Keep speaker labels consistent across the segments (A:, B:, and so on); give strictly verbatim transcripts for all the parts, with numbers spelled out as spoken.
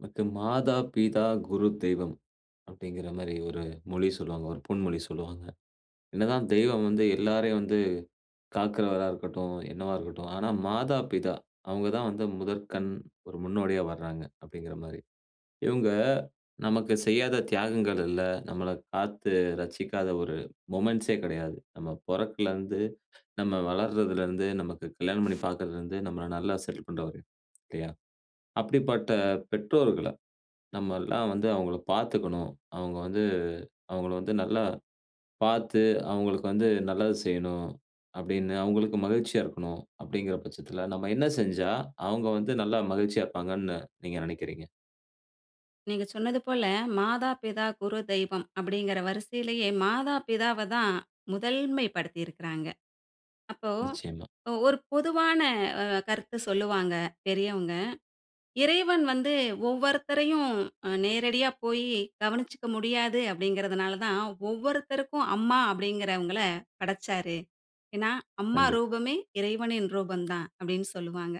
A: [unintelligible] "மாதா, பிதா, குரு, தெய்வம்" அப்பிடிங்கிற மாரி ஒரு மொழி சொல்லுவாங்க, ஒரு பொன்மொழி சொல்லுவாங்க. என்னதான் தெய்வம் வந்து எல்லாரையும் வந்து காக்கிறவரா இருக்கட்டும், என்னவா இருக்கட்டும், ஆனா மாதா, பிதா அவுங்கதான் வந்து முதற்கண், ஒரு முன்னோடியா வர்றாங்க, அப்பிடிங்கிறமாரி. இவுங்க நமக்கு செய்யாத தியாகங்கள் இல்ல. நம்மள காத்து ரட்சிக்காத ஒரு மொமென்ட்ஸ்ஸே கிடையாது. நம்ம பொறக்கலருந்து, நம்ம வளர்றதில இருந்து, நமக்கு கல்யாணம் பண்ணி பார்க்கிறதில இருந்து, நம்மள நல்லா செட்டில் பண்ற வரையும், இல்லயா? அப்பிடிப்பட்ட பெற்றோர்கள நம்மெல்லாம் வந்து அவுங்கள பார்த்துக்கணும். அவுங்க வந்து அவுங்கள வந்து நல்லா பார்த்து, அவுங்களுக்கு வந்து நல்லது செய்யணும் அப்பிடின்னு அவுங்களுக்கு மகிழ்ச்சியா இருக்கணும் அப்பிடிங்கிற பட்சத்தில, நம்ம என்ன செஞ்சா அவுங்க வந்து நல்லா மகிழ்ச்சியா இருப்பாங்கன்னு நீங்க நெனைக்கிறீங்க?
B: நீங்க சொன்னது போல, "மாதா, பிதா, குரு, தெய்வம்" அப்பிடிங்கிற வரிசையிலேயே மாதா, பிதாவ தான் முதல்மைப்படுத்தி இருக்கிறாங்க. அப்போ
A: நிச்சயமா.
B: ஒ ஒரு பொதுவான அ கருத்து சொல்லுவாங்க பெரியவங்க. "இறைவன் வந்து ஒவ்வொருத்தரையும் அ நேரடியா போயி கவனிச்சுக்க முடியாது அப்பிடிங்கிறதனால தான், ஒவ்வொருத்தருக்கும் 'அம்மா' அப்பிடிங்குகிறவங்கள படைச்சாரு. ஏனா, அம்மா
A: கண்டிப்.
B: ரூபமே இறைவனின் ரூபந்தான்" அப்பிடின்னு சொல்லுவாங்க.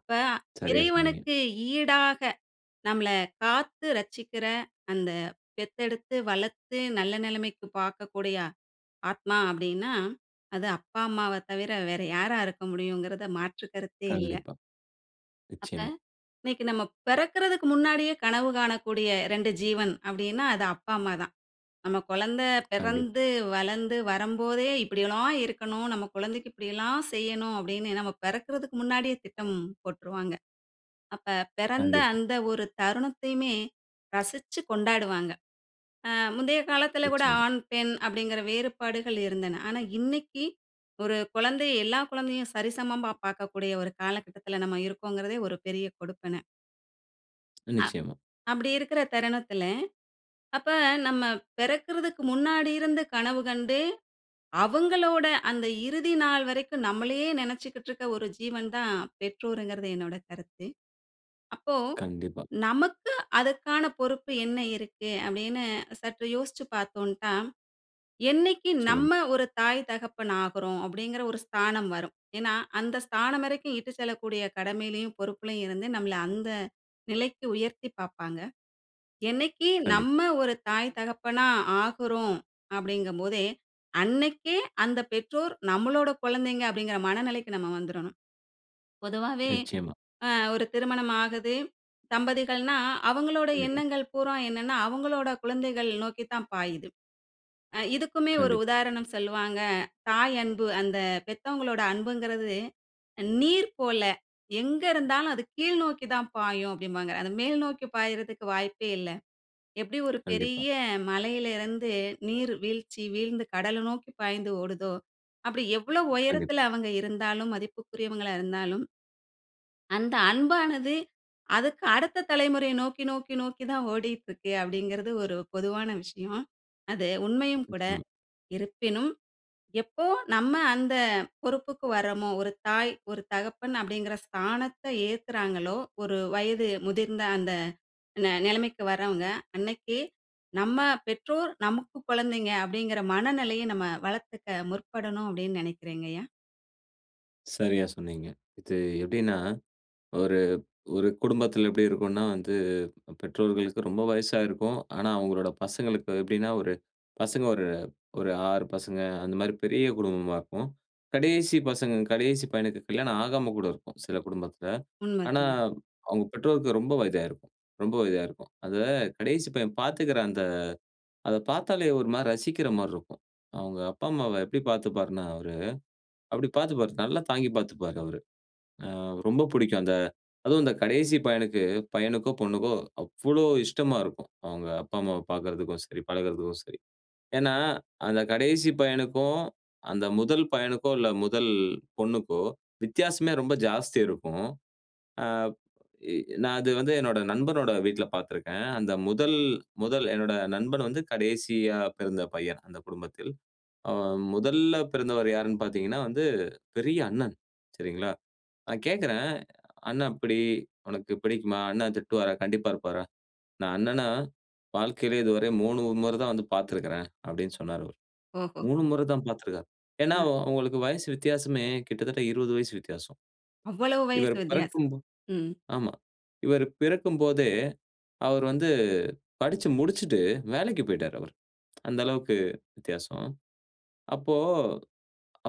B: அப்ப
A: சரியா சொன்னீங்க.
B: இறைவனுக்கு ஈடாக நம்மள காத்து ரட்சிக்கிற, அந்த பெத்தெடுத்து வளத்து நல்ல நெலைமைக்கு பார்க்கக்கூடிய ஆத்மா அப்பிடின்னா, அது அப்பா, அம்மாவ தவிர வேற யாரா இருக்க முடியும்ங்கிறத மாற்று கருத்தே இல்ல.
A: கண்டிப்பா.
B: அப்ப
A: நிச்சயமா.
B: இன்னைக்கு நம்ம பிறக்கிறதுக்கு முன்னாடியே கனவு காணக்கூடிய ரெண்டு ஜீவன் அப்பிடின்னா அது அப்பா, அம்மா தான். நம்ம கொழந்த
A: கண்டிப்பா.
B: பிறந்து, வளர்ந்து வரும்போதே, "இப்பிடி எல்லாம் இருக்கணும். நம்ம குழந்தைக்கு இப்பிடிலாம் செய்யணும்" அப்பிடின்னு நம்ம பிறக்கிறதுக்கு முன்னாடியே திட்டம் போட்டுருவாங்க. அப்ப பிறந்த
A: கண்டிப்பா.
B: அந்த ஒரு தருணத்தையுமே ரசிச்சு கொண்டாடுவாங்க. ஆ முந்தைய காலத்துல கூட
A: நிச்சயமா.
B: ஆண், பெண் அப்பிடிங்குற வேறுபாடுகள் இருந்தன. ஆனா, இன்னைக்கி ஒரு குழந்தை, எல்லா குழந்தையும் சரிசமமா பார்க்கக்கூடிய ஒரு காலகட்டத்தில நம்ம இருக்கோங்கிறதே ஒரு பெரிய கொடுப்பன. அ.
A: நிச்சயமா.
B: அப்டி இருக்குற தருணத்துல, அப்ப நம்ம பெறக்கிறதுக்கு முன்னாடி இருந்து கனவு கண்டு, அவங்களோட அந்த இறுதி நாள் வரைக்கும் நம்மளையே நெனைச்சுக்கிட்ருக்க ஒரு ஜீவன் தான், பெற்றோர்ங்கிறது என்னோட கருத்து. அப்போ,
A: கண்டிப்பா.
B: "நமக்கு அதுக்கான பொறுப்பு என்ன இருக்கு?" அப்டின்னு சற்று யோஸ்ச்சு பாத்தோன்ட்டா, "என்னிக்கு
A: சொல்லுங்க.
B: நம்ம ஒரு தாய், தகப்பன் ஆகுறோம்?" அப்டிங்கிற ஒரு ஸ்தானம் வரும். ஏன்னா, அந்த ஸ்தானம் வரைக்கும் இட்டு செல்லக்கூடிய கடமையிலயும், பொறுப்புலயும் இருந்து நம்மள அந்த நிலைக்கு உயர்த்தி பாப்பாங்க. என்னைக்கு
A: கண்டிப்பா.
B: நம்ம ஒரு தாய், தகப்பனா ஆகுறோம்? அப்டிங்கும் போதே, அன்னைக்கே அந்த பெற்றோர், நம்மளோட குழந்தைங்க அப்டிங்கிற மனநிலைக்கு நம்ம வந்துரணும். பொதுவாவே,
A: நிச்சயமா.
B: அ ஒரு திருமணம் ஆகுது. தம்பதிகள்னா, அவங்களோட
A: கண்டிப்பா.
B: எண்ணங்கள் பூரா என்னன்னா, அவங்களோட குழந்தைகள் நோக்கித்தான் பாயுது. ஆ. இதுக்குமே ஒரு
A: கண்டிப்பா.
B: உதாரணம் சொல்லுவாங்க. "தாய் அன்பு அந்த பெத்தவங்களோட அன்புங்கறது நீர் போல, எங்க இருந்தாலும் அது கீழ் நோக்கி தான் பாயும்" அப்டிம்பாங்க. அத மேல் நோக்கி பாய்றதுக்கு வாய்ப்பே இல்ல. எப்டி ஒரு
A: கண்டிப்பா.
B: பெரிய மலையிலருந்து நீர் வீழ்ச்சி, வீழ்ந்து கடல நோக்கி பாய்ந்து ஓடுதோ, அப்டி எவ்ளோ
A: கண்டிப்பா.
B: உயரத்துல அவுங்க இருந்தாலும் மதிப்புக்குரியவங்களா இருந்தாலும் அந்த அன்பானது, அதக்கு அடுத்த தலைமுறைய நோக்கி, நோக்கி, நோக்கி தான் ஓடிட்ருக்கு அப்டிங்கிறது ஒரு பொதுவான விஷயம். அது உண்மையும் கூட.
A: நிச்சயமா.
B: இருப்பினும், எப்போ நம்ம அந்த பொறுப்புக்கு வர்றமோ, "ஒரு தாய், ஒரு தகப்பன்" அப்டிங்கிற ஸ்தானத்தை ஏற்குறாங்களோ, ஒரு வயது முதிர்ந்த அந்த ந நிலைமைக்கு வர்றவங்க. அன்னைக்கு "நம்ம பெற்றோர் நமக்கு கொழந்தைங்க" அப்டிங்கிற மனநெலைய நம்ம வளர்த்துக்க முற்படணும் அப்டின் நெனைக்கிறேங்க ஐயா!
A: சரியா சொன்னீங்க. இது எப்படின்னா, ஒரு ஒரு குடும்பத்தில எப்படி இருக்கும்னா வந்து பெற்றோர்களுக்கு ரொம்ப வயசா இருக்கும். ஆனா அவங்களோட பசங்களுக்கு எப்படின்னா ஒரு பசங்க ஒரு ஒரு ஆறு பசங்க அந்த மாரி பெரிய குடும்பமா இருக்கும். கடேசி பசங்க கடேசி பையனுக்கு கல்யாணம் ஆகாம கூட இருக்கும், சில குடும்பத்தில.
B: உண்ம
A: ஆனா
B: அதுங்க.
A: அவங்க பெற்றோருக்கு ரொம்ப வயதாயிருக்கும் ரொம்ப வயதாயிருக்கும். அத கடேசி பையன் பார்த்துக்கிற அந்த அத பாத்தாலே ஒரு மாரி ரசிக்கிற மாரி இருக்கும். அவங்க அப்பா, அம்மாவை எப்படி பார்த்துப்பார்னா? அவரு, அப்படி பார்த்துப்பாரு. தல்லா தாங்கிப் பார்த்துப்பாரு அவரு. ஆ ரொம்ப பிடிக்கும். அந்த அதுவு அந்த கடேசி பையனுக்கு பையனுக்கோ, பொண்ணுக்கோ அவ்வளோ இஷ்டமா இருக்கும். அவங்க அப்பா, அம்மாவ பார்க்கதற்கும் சரி, பழகுறதுக்கும் சரி. ஏனா, அந்த கடேசி பையனுக்கு, அந்த முதல் பையனுக்கோ இல்ல முதல் பொண்ணுக்கோ வித்தியாசமே ரொம்ப ஜாஸ்தி இருக்கும். ஆ எ எ நா அது வந்து என்னோட நண்பனோட வீட்ல பார்த்திருக்கேன். அந்த முதல் முதல் "என்னோட நண்பன் வந்து கடேசியா பிறந்த பையன் அந்தக் குடும்பத்தில்." ஆ முதல்ல பிறந்தவர் யார்னு பார்த்தீங்கனா, வந்து பெரிய அண்ணன். சரிங்களா? நா கேட்கறே, அண்ண எப்புடி? உனக்கு பிடிக்குமா? அண்ண திட்டுவாரா? கண்டிப்பா இருப்பாரா? நா அண்ணன வாழ்க்கையிலயே இதுவர மூணு மொற தா வந்து பார்த்திருக்கிறேன் அப்டினு சொன்னாரு அவரு.
B: ஓஹோ.
A: மூணு மொற தா பார்த்திருக்கிறார். ஏனா
B: ம்.
A: அவ அவங்களுக்கு வயசு வித்தியாசமே கிட்டத்தட்ட இருவது வயசு வித்தியாசம்.
B: அவ்வளோ வயசு
A: இவர்
B: வித்தியாசம்.
A: பிறக்கும் போ
B: ம்.
A: ஆமா. இவரு பிறக்கு போதே அவரு வந்து படிச்சு முடிச்சுட்டு, வேலைக்கு போய்ட்டார் அவர். அந்த அளவுக்கு வித்தியாசம். அப்போ,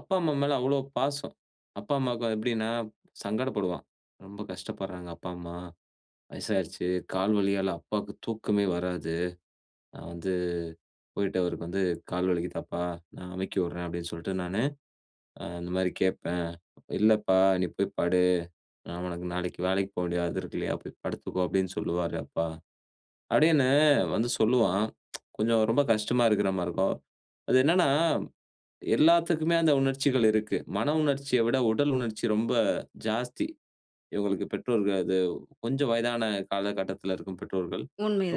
A: அப்பா, அம்மா மேல அவ்வளோ பாசம். அப்பா, அம்மாவுக்கு எப்படின்னா சங்கடப்படுவா. ரொம்ப கஷ்டப்பட்றாங்க அப்பா, அம்மா. வயசாயிடுச்சு. கால் வலியால அப்பாவுக்கு தூக்கமே வராது. நா வந்து போயிட்டு அவருக்கு வந்து கால் வலிக்குதாப்பா? நா அமுக்கி விட்றே அப்படின்னு சொல்லிட்டு நானு, ஆ அந்த மாரி கேட்பே. இல்லப்பா, நீ போய் படு. நா உனக்கு நாளைக்கு வேலைக்கு போக வேண்டியது அது இருக்கு இல்லையா? போய் படுத்துக்கோ அப்படின்னு சொல்லுவாரு அப்பா. அப்டினு வந்து சொல்லுவான். கொஞ்சம் ரொம்ப கஷ்டமா இருக்கிற மாரி இருக்கும். அது என்னன்னா, எல்லாத்துக்குமே அந்த உணர்ச்சிகள் இருக்கு. மன உணர்ச்சிய விட உடல் உணர்ச்சி ரொம்ப ஜாஸ்தி. இவங்களுக்கு பெற்றோர்கள் அது கொஞ்சம் வயதான காலகட்டத்தில இருக்கும் பெற்றோர்கள்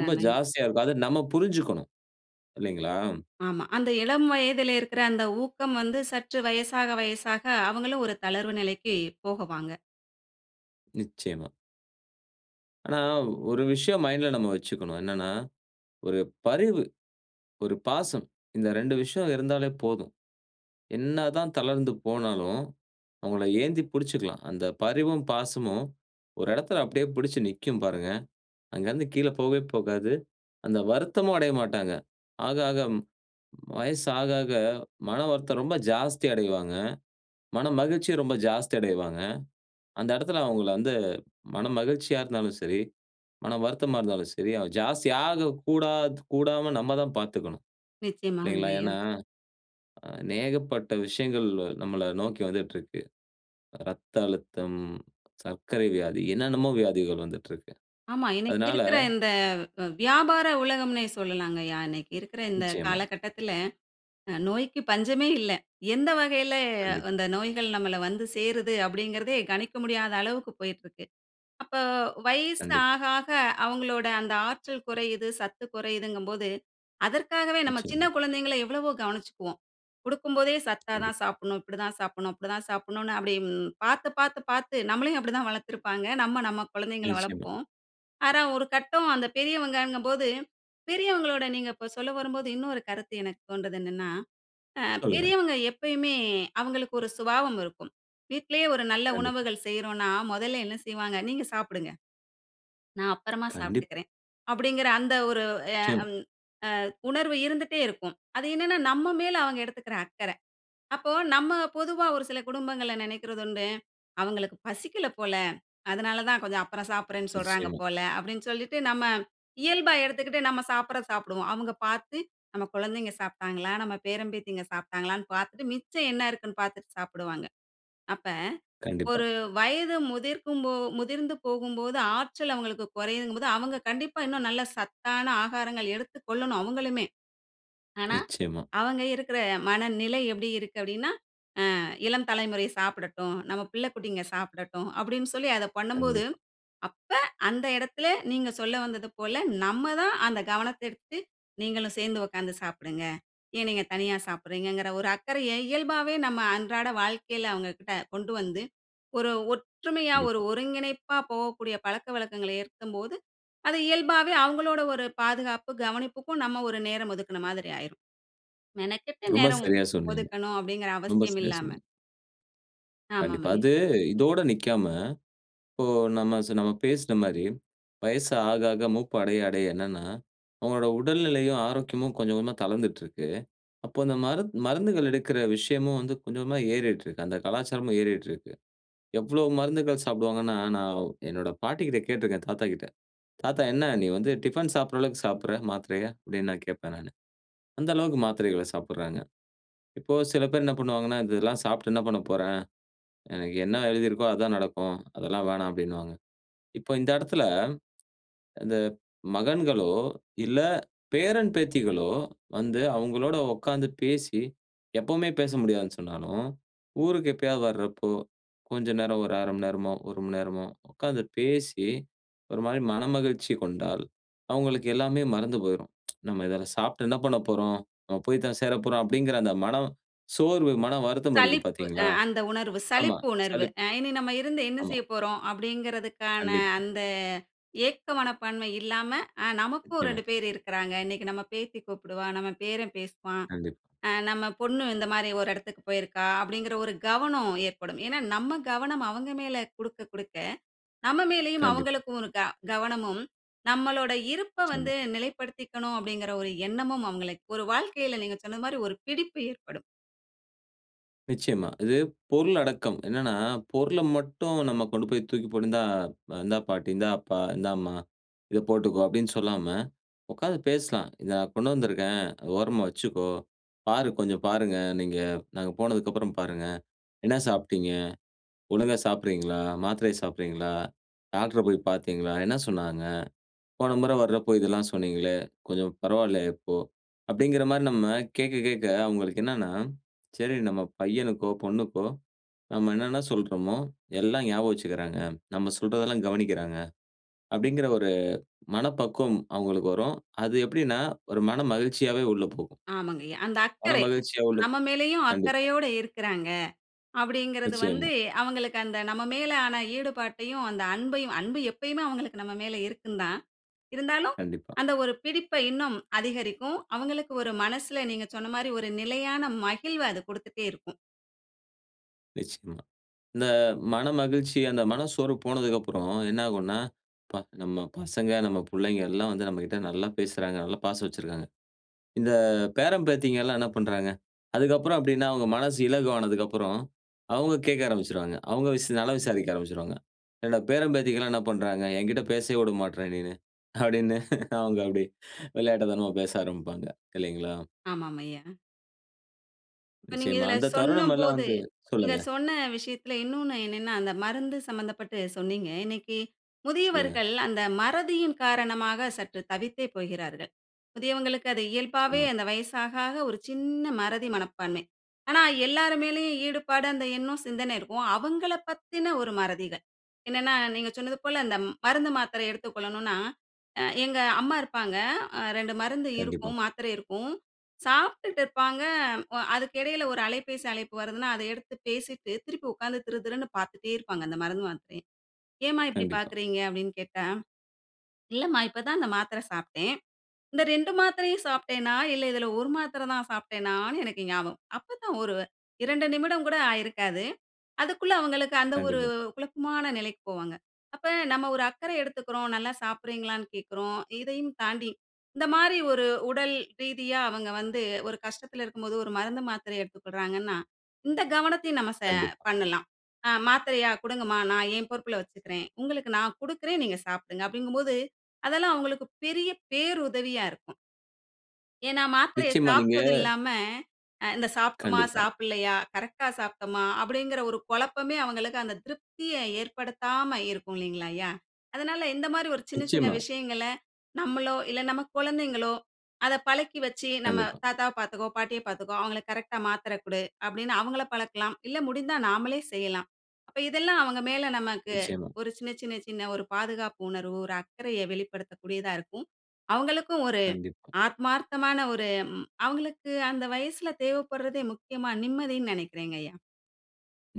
A: ரொம்ப ஜாஸ்தியா இருக்கும். அத நம்ம புரிஞ்சுக்கணும். இல்லைங்களா?
B: ஆமா. அந்த இளம் வயதில இருக்கிற அந்த ஊக்கம் வந்து சற்று வயசாக வயசாக அவங்களு ஒரு தளர்வு நிலைக்கு போகவாங்க.
A: நிச்சயமா. ஆனா ஒரு விஷயம் மைண்ட்ல நம்ம வச்சுக்கணும். என்னன்னா, ஒரு பரிவு, ஒரு பாசம் இந்த ரெண்டு விஷயம் இருந்தாலே போதும். என்னதான் தளர்ந்து போனாலும், அவுங்கள ஏந்தி பிடிச்சுக்கலாம். அந்த பரிவும், பாசமும் ஒரு இடத்தில அப்பிடியே பிடிச்சு நிக்கும். பாருங்க. அங்க இருந்து கீழே போகவே போகாது. அந்த வருத்தமும் அடைய மாட்டாங்க. ஆக, ஆக வயசு ஆக, ஆக மன வருத்தம் ரொம்ப ஜாஸ்தி அடைவாங்க. மனமகிழ்ச்சிய ரொம்ப ஜாஸ்தி அடைவாங்க. அந்த இடத்தில அவுங்கள வந்து மன மகிழ்ச்சியா இருந்தாலும் சரி, மனம் வருத்தமா இருந்தாலும் சரி [unintelligible] ஜாஸ்தியாக கூடாத் கூடாம நம்ம தான் பார்த்துக்கணும்,
B: நிச்சயமாகங்க
A: இல்லேங்களா?
B: ஐயா.
A: ஏன்னா, அநேகப்பட்ட விஷயங்கள் நம்மள நோக்கி வந்துட்டு இருக்கு. இரத்த அழுத்தம், சர்க்கரை வியாதி, என்னென்னமோ வியாதிகள் வந்துட்டு இருக்கு.
B: ஆமா. இன்னக்கி
A: அதனால
B: இருக்கிற இந்த வி வியாபார உலகம்ன்னே சொல்லலாங்கய்யா! இன்னக்கி இருக்கிற இந்த
A: நிச்சயமா.
B: காலகட்டத்தில அ நோய்க்கு பஞ்சமே இல்ல. எந்த வகையில
A: கண்டிப்பா.
B: வந்த நோய்கள் நம்மள வந்து சேருது அப்பிடிங்கிறதே கணிக்க முடியாத அளவுக்கு போயிட்டு இருக்கு. அப்போ வயசு
A: கண்டிப்பா.
B: ஆக, ஆக அவுங்களோட அந்த ஆற்றல் குறையுது, சத்து குறையுதுங்கம்போது, அதற்காகவே நம்ம சின்ன
A: நிச்சயமா.
B: குழந்தைகள எவ்வளவோ கவனிச்சிக்குவோம். கொடுக்கும்போதே சத்தா
A: கண்டிப்பா.
B: தான் சாப்புட்ணும், இப்பிடி தான் சாப்புட்ணும், அப்பிடி தான் சாப்புட்ணுன்னு அப்பிடிம் பார்த்து, பார்த்து, பார்த்து நம்மளையும் அப்பிடி தான் வளர்த்திருப்பாங்க. நம்ம, நம்ம குழந்தைங்கள
A: நிச்சயமா.
B: வளர்ப்போம். ஆரா, ஒரு கட்டம் அந்த பெரியவங்கங்கம்போது, பெரியவங்களோட நீங்க இப்போ சொல்ல வரும்போது, இன்னொரு கருத்து எனக்கு தோண்றுது என்னன்னா, ஆ
A: சொல்லுங்க.
B: பெரியவங்க எப்பயுமே அவுங்களுக்கு ஒரு சுபாவம் இருக்கும். வீட்டிலேயே ஒரு நல்ல
A: கண்டிப்பா.
B: உணவுகள் செய்றோன்னா, முதல்ல என்ன செய்வாங்க? "நீங்க சாப்பிடுங்க. நான் அப்பறமா
A: கண்டிப்பா.
B: சாப்பிட்டுக்கிறேன்". அப்பிடிங்கிற அந்த ஒரு எ
A: நிச்சயமா.
B: அம் அ உணர்வு இருந்துட்டே இருக்கும். அது என்னன்னா, நம்ம மேல அவுங்க எடுத்துக்கிற அக்கற. அப்போ நம்ம பொதுவா ஒரு சில குடும்பங்கள நினைக்கிறதுண்டு. அவுங்களுக்கு பசிக்கல போல. அதனால தான் கொஞ்சம் அப்புறம் சாப்பிட்றேன்னு சொல்றாங்க
A: நிச்சயமா.
B: போல, அப்பிடின்னு சொல்லிட்டு நம்ம இயல்பா எடுத்துக்கிட்டு நம்ம சாப்பிட்றத சாப்பிடுவோம். அவுங்க பார்த்து நம்ம குழந்தைங்க சாப்பிட்டாங்களா? நம்ம பேரம் பேத்திங்க சாப்பிட்டாங்களான்னு பார்த்துட்டு மிச்சம் என்ன இருக்குன்னு பார்த்துட்டு சாப்பிடுவாங்க. அப்ப,
A: கண்டிப்பா.
B: ஒரு வயது முதிர்க்கும் போ முதிர்ந்து போகும்போது ஆற்றல் அவுங்களுக்கு குறையுதுங்கம்போது அவுங்க கண்டிப்பா இன்னும் நல்ல சத்தான ஆகாரங்கள் எடுத்துக் கொள்ளணும், அவுங்களுமே! ஆனா,
A: நிச்சயமா.
B: அவுங்க இருக்கிற மனநிலை எப்பிடி இருக்கு? அப்பிடின்னா, ஆ இளம் தலைமுறை சாப்பிடட்டும். நம்ம பிள்ளை குட்டிங்க சாப்பிடட்டும். அப்பிடின்னு சொல்லி அத பண்ணும்போது,
A: கண்டிப்பா.
B: அப்ப அந்த இடத்தில நீங்க சொல்ல வந்தது போல, நம்ம தான் அந்த கவனத்த எடுத்து நீங்களும் சேர்ந்து உட்கார்ந்து சாப்பிடுங்க. ஏன் நீங்க தனியா சாப்பிடுகிறீங்கிற? ஒரு அக்கறைய இயல்பாவே நம்ம அன்றாட வாழ்க்கையில அவங்கக்கிட்ட கொண்டு வந்து, ஒரு ஒற்றுமையா, ஒரு
A: கண்டிப்பா.
B: ஒருங்கிணைப்பா போகக்கூடிய பழக்கவழக்கங்கள ஏற்கும்போது, அது இயல்பாவே அவுங்களோட ஒரு பாதுகாப்பு கவனிப்புக்கும் நம்ம ஒரு நேரம் ஒதுக்குனமாதிரி ஆயிரும். மெனக்கெட்டு
A: ரொம்ப
B: நேரம்
A: சரியா சொன்னீங்க.
B: ஒதுக்கணும் அப்பிடிங்கிற
A: ரொம்ப
B: அவசியம்
A: சரியா
B: இல்லாம.
A: சொன்னீங்க.
B: ஆமா,
A: கண்டிப்பா.
B: ஆமாங்க.
A: அது இதோட நிக்காம, இப்போ நம்ம சு நம்ம பேசுன மாரி, வயசு ஆக ஆக மூப்பு அடைய அடை என்னன்னா, அவங்களோட உடல்நிலையும், ஆரோக்கியமும் கொஞ்சம் கொஞ்சமா தளர்ந்துட்டு இருக்கு. அப்போ அந்த மருந்து மருந்துகள் எடுக்கிற விஷயமும் வந்து கொஞ்ச கொஞ்சமா ஏறிட்டு இருக்கு, அந்த கலாச்சாரமும் ஏறிட்டு இருக்கு. எவ்வளோ மருந்துகள் சாப்டுவாங்கன்னா, நான் என்னோட பாட்டிக்கிட்ட கேட்டுருக்கேன், தாத்தா கிட்ட. "தாத்தா, என்ன நீ வந்து டிஃபன் சாப்படுற அளவுக்கு சாப்புடுற, மாத்திரைய?" அப்டின்னு நான் கேட்பேன் நானு. அந்த அளவுக்கு மாத்திரைகள சாப்புடுறாங்க. இப்போ சில பேர் என்ன பண்ணுவாங்கன்னா, "இதெல்லாம் சாப்ட்டு என்ன பண்ண போறேன்? எனக்கு என்ன எழுதி இருக்கோ அதுதான் நடக்கும். அதெல்லாம் வேணாம்" அப்டின்வாங்க. இப்போ இந்த இடத்துல, அந்த மகன்களோ இல்ல பேரன், பேத்திகளோ வந்து அவங்களோட உட்கார்ந்து பேசி எப்பவுமே பேச முடியாதுன்னு சொன்னாலும், ஊருக்கு எப்பயாவது வரப்போ, கொஞ்ச நேரம் ஒரு அரைமணி நேரமோ, ஒருமணி நேரமோ உட்கார்ந்து பேசி, ஒரு மாரி மனமகிழ்ச்சி கொண்டால், அவங்களுக்கு எல்லாமே மறந்து போயிரும். "நம்ம இதலாம் சாப்பட்டு என்ன பண்ண போறோம்? நம்ம போய் தான் சேரப்போறோம்" அப்டிங்குற அந்த மனம் சோர்வு, மன வருத்தம் இருக்கு
B: சலிப்பு, அ
A: பார்த்தீங்களா?
B: அந்த உணர்வு,
A: ஆமா,
B: சலிப்பு உணர்வு,
A: சலிப்
B: அ "இனி நம்ம இருந்து என்ன
A: ஆமா.
B: செய்ய போறோம்?" அப்டிங்கறதுக்கான
A: கண்டிப்பா.
B: அந்த ஏக்க மனப்பான்மை இல்லாம, அ "நமக்கும்
A: நிச்சியமா.
B: ரெண்டு பேரு இருக்குறாங்க. இன்னைக்கு நம்ம பேத்தி கூப்புடுவா, நம்ம பேரன் பேசுவான்.
A: கண்டிப்.
B: அ நம்ம பொண்ணு இந்த மாரி ஒரு இடத்துக்கு போயிருக்கா" அப்டிங்குற ஒரு கவனம் ஏற்படும். ஏனா, நம்ம கவனம் அவங்க மேல குடுக்க குடுக்க, நம்ம மேலேயும்
A: கண்டிப்.
B: அவங்களுக்கும் ஒரு க கவனமும் நம்மளோட இருப்ப வந்து
A: நிச்சியமா.
B: நிலைப்படுத்திக்கனும் அப்டிங்குற ஒரு எண்ணமும் அவங்கள ஒரு வாழ்க்கையில நீங்க சொன்னது மாரி ஒரு பிடிப்பு ஏற்படும்.
A: நிச்சயமா. இது பொருள் அடக்கம். என்னன்னா, பொருள மட்டும் நம்ம கொண்டு போய் தூக்கி போட்டு இந்தா இந்தா பாட்டி, இந்தா அப்பா, இந்தாம்மா இதை போட்டுக்கோ அப்படின்னு சொல்லாம உக்காந்து பேசலாம். “நான் கொண்டு வந்திருக்கேன், ஓரமா வச்சிக்கோ, பாரு கொஞ்சம் பாருங்க, நீங்க. நாங்க போனதுக்கப்புறம் பாருங்க. என்ன சாப்ட்டீங்க? ஒழுங்கா சாப்ட்றீங்களா? மாத்திரை சாப்ட்றீங்களா? டாக்டர போய் பாத்தீங்களா? என்ன சொன்னாங்க? போன முறை வர்றப்ப இதெல்லாம் சொன்னீங்களே, கொஞ்சம் பரவால்லையா இப்போ.” அப்படிங்குற மாரி நம்ம கேக்க கேக்க, அவுங்களுக்கு என்னான்னா சரி, நம்ம பையனுக்கோ, பொண்ணுக்கோ நாம என்னான்னா சொல்றோமோ எல்லாம் ஞாபகம் வசிக்குறாங்க, நம்ம சொல்றதெல்லாம் கவனிக்கிறாங்க. அபப்டிங்குற ஒரு மனப்பக்குவம் அவுங்களுக்கு வரும். அது எப்படின்னா ஒரு மன மகிழ்ச்சியாவே உள்ள போகும்.
B: ஆமங்கய்யா. அந்த அக்கறை,
A: மனமகிழ்ச்சியா உள்ள
B: நம்ம மேலயும்
A: கண்டிப்பா.
B: அக்கறையோடு இருக்குறாங்க. அப்படிங்குறது வந்து
A: நிச்சயமா.
B: அவங்களுக்கு அந்த நம்ம மேல ஆன ஈடுபாட்டையும், அந்த அன்பையும் அன்பு எப்பயுமே அவங்களுக்கு நம்ம மேல இருக்குந்தான். இருந்தாலும்,
A: கண்டிப்பா.
B: அந்த ஒரு பிடிப்பை இன்னும் அதிகரிக்கும். அவங்களுக்கு ஒரு மனசுல, நீங்க சொன்ன மாரி ஒரு நிலையான மகிழ்வ, அது குடுத்துட்டே இருக்கும்.
A: நிச்சயமா. இந்த மனமகிழ்ச்சி அந்த மனசோர்வு போனதுக்கு அப்புறம், என்ன ஆகுன்னா, அப்பா! நம்ம பசங்க, நம்ம பிள்ளைங்க எல்லாம் வந்து நம்மக்கிட்ட நல்லா பேசுறாங்க, நல்லா பாசம் வச்சிருக்காங்க. இந்த பேரன், பேத்திங்கல்லாம் என்ன பண்றாங்க? அதுக்கப்பறம் அப்படின்னா, அவுங்க மனசு இலகு ஆனதுக்கு அப்புறம், அவுங்க கேட்க ஆரம்பிச்சுருவாங்க. அவுங்க விஸ் நலம் விசாரிக்க ஆரம்பிச்சுருவாங்க. "என்னோட பேரன், பேத்திக்கெல்லாம் என்ன பண்றாங்க? என்கிட்ட பேசவே உட மாட்ற நீன்னு?" அப்பிடின்னு அவுங்க அப்பிடி விளையாட்டுத்தனமா பேச ஆரம்பிப்பாங்க, இல்லேங்களா?
B: ஆமாம் ஐயா. இப்ப நீங்க
A: நிச்சயமா.
B: இதில
A: அந்த தருணம் எல்லாம்
B: சொன்னம்போது
A: வந்து
B: நீங்க
A: சொல்லுங்க.
B: சொன்ன விஷயத்தில இன்னொன்னு என்னன்னா, அந்த மருந்து சம்பந்தப்பட்டு சொன்னீங்க. இன்னக்கி
A: சொல்லுங்க.
B: முதியவர்கள் அந்த மறதியின் காரணமாக சற்று தவித்தே போகிறார்கள். முதியவங்களுக்கு அது இயல்பாவே
A: நிச்சயமா.
B: அந்த வயசு ஆக, ஆக ஒரு சின்ன மறதி மனப்பான்மை. ஆனா, எல்லார்மேலயும் ஈடுபாடு அந்த எண்ணம் சிந்தனை இருக்கும். அவங்களப் பத்தின ஒரு மறதிகள். என்னன்னா, நீங்க சொன்னது போல இந்த மருந்து, மாத்திரை எடுத்துக்கொள்ளணுனா, அ எங்க அம்மா இருப்பாங்க. அ ரெண்டு மருந்து
A: கண்டிப்பா.
B: இருக்கும், மாத்திரை இருக்கும். சாப்புட்டு இருப்பாங்க அ அதுக்கு இடையில ஒரு அலைபேசி அழைப்பு வருதுன்னா, அத எடுத்து பேசிட்டு திருப்பி உட்கார்ந்து திருதிருன்னு பார்த்துட்டே இருப்பாங்க. அந்த மருந்து, மாத்திரைய. "ஏம்மா இப்படி
A: கண்டிப்பா.
B: பார்க்கிறீங்க?" அப்பிடின்னு கேட்டா. இல்லம்மா, இப்பதான் அந்த மாத்திரை சாப்பிட்டேன். இந்த இரண்டு மாத்திரையும் சாப்பிட்டேன்னா! இல்ல இதில ஒரு மாத்திர தான் சாப்பிட்டேனான்னு எனக்கு ஞாபகம். அப்ப தான் வரு இரண்டு நிமிடம் கூட ஆகியிருக்காது. அதுக்குள்ள அவுங்களுக்கு அந்த ஒரு
A: கண்டிப்பா.
B: குழப்பமான நிலைக்கு போவாங்க. அப்ப நம்ம ஒரு அக்கறை எடுத்துக்குறோம், நல்லா சாப்பிடுகிறீங்களான்னு கேட்குறோம். இதையும் தாண்டி இந்தமாரி ஒரு உடல் ரீதியா அவங்க வந்து ஒரு கஷ்டத்தில இருக்கும்போது ஒரு மருந்து, மாத்திரை எடுத்துக்கொள்றாங்கன்னா, இந்த கவனத்தையும் நம்ம ச
A: கண்டிப்பா.
B: பண்ணலாம். அ மாத்திரையா! கொடுங்கம்மா. நான் என் பொறுப்புல வச்சுக்கிறேன். உங்களுக்கு நான் கொடுக்கிறேன். நீங்க சாப்பிடுங்க. அப்படிங்கம்போது அதெல்லாம் அவுங்களுக்கு பெரிய பேருதவியா இருக்கும். ஏன்னா மாத்திரைய
A: நிச்சயமா நீங்க
B: சாப்ட்டது இல்லாம, அ இந்த சாப்ட்டமா
A: கண்டிப்பா.
B: சாப்டலையா? கரெக்ட்டா சாப்ட்டமா? அப்படிங்குற ஒரு கொழப்பமே அவங்களுக்கு அந்த திருப்தியை ஏற்படுத்தாம இருக்கும். இல்லிங்களாயா? அதனால இந்த மாரி ஒரு சின்ன சின்ன
A: நிச்சயமா.
B: விஷயங்கள, நம்மளோ, இல்ல நம்ம கொழந்தைங்களோ, அத பழக்கி வச்சு நம்ம
A: கண்டிப்பா.
B: தாத்தாவ பாத்துக்கோ, பாட்டிய பாத்துக்கோ. அவுங்கள கரெக்ட்டா மாத்திரை குடு அப்டின்னு, அவுங்கள பழக்கலாம். இல்ல முடிந்தா நாமலே செய்யலாம். அப்ப இதெல்லாம் அவுங்க மேல நமக்கு
A: நிச்சயமா.
B: ஒரு சின்ன, சின்ன, சின்ன ஒரு பாதுகாப்பு உணர்வு ஒரு அக்கறைய வெளிப்படுத்தக்கூடியதா இருக்கும். அவுங்களுக்கும் ஒரு
A: கண்டிப்பா.
B: ஆத்மார்த்தமான ஒரு, ம் அவுங்களுக்கு அந்த வயசுல தேவைப்படுறதே, முக்கியமா நிம்மதின் நெனைக்கிறேங்கய்யா.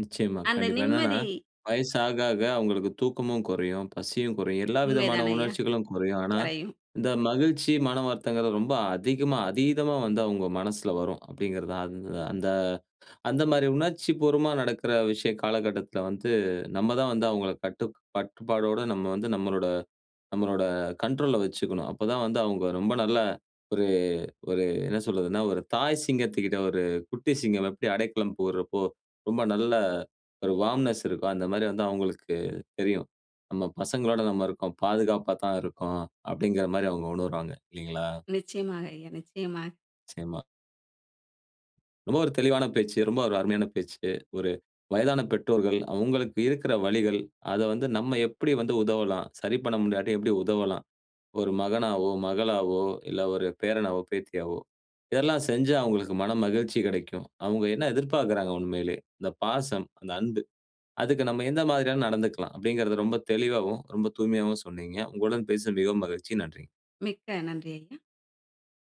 A: நிச்சயமா,
B: அந்த
A: கண்டிப்பா. என்னான்னா,
B: நிம்மதி
A: வயசு ஆக ஆக அவுங்களுக்கு தூக்கமும் குறையும், பசியும் குறையும். எல்லா
B: உண்மை
A: விதமான
B: தானய்யா
A: உணர்ச்சிகளும் குறையும். ஆனா
B: குறையும்.
A: இந்த மகிழ்ச்சி, மனம் வருத்தம்ங்கிறது ரொம்ப அதிகமா, அதீதமா வந்து அவுங்க மனசுல வரும். அப்படிங்கிறது தான். அந்த அந்த அந்த மாதிரி உணர்ச்சி பூர்வமா நடக்கிற விஷய காலகட்டத்ல வந்து, நம்ம தான் வந்து அவுங்கள கட்டுக் கட்டுபாடோடு நம்ம வந்து நம்மளோட நம்மளோட கண்ட்ரோல்ல வச்சிக்கணும். அப்ப தான் வந்து அவுங்க ரொம்ப நல்ல ஒரு ஒரு என்ன சொல்வதுன்னா, ஒரு தாய் சிங்கத்துக்கிட்ட ஒரு 'குட்டி சிங்கம்' எப்டி அடைக்கலம் புகுறப்போ ரொம்ப நல்லா ஒரு வார்ம்னெஸ் இருக்கோ, அந்த மாரி வந்து அவுங்களுக்கு தெரியும். நம்ம பசங்களோட நம்ம இருக்கோம், பாதுகாப்பா தான் இருக்கோம் அப்டிங்குற மாரி அவுங்க உணர்வாங்க, இல்லைங்களா?
B: நிச்சயமாக ஐயா, நிச்சயமாக.
A: நிச்சயமா. ரொம்ப ஒரு தெளிவான பேச்சு, ரொம்ப ஒரு அருமையான பேச்சு. ஒரு வயதான பெற்றோர்கள் அவுங்களுக்கு இருக்கிற வலிகள், அத வந்து நம்ம எப்படி வந்து உதவலாம், சரி பண்ண முடியாட்டியும் எப்டி உதவலாம். ஒரு மகனாவோ, மகளாவோ இல்லை, ஒரு பேரனாவோ, பேத்தியாவோ இதெல்லாம் செஞ்சா அவுங்களுக்கு மனமகிழ்ச்சி கிடைக்கும். அவுங்க என்ன எதிர்பாக்குறாங்க உண்மையிலயே இந்த பாசம், அந்த அன்பு. அதுக்கு நம்ம எந்த மாதிரியா நடந்துக்கலாம் அப்டிங்குறத ரொம்ப தெளிவாவும், ரொம்ப தூய்மையாவும் சொன்னீங்க. உங்களுடன் பேசவும் மிகவும் மகிழ்ச்சி, நன்றி.
B: மிக்க நன்றி ஐயா.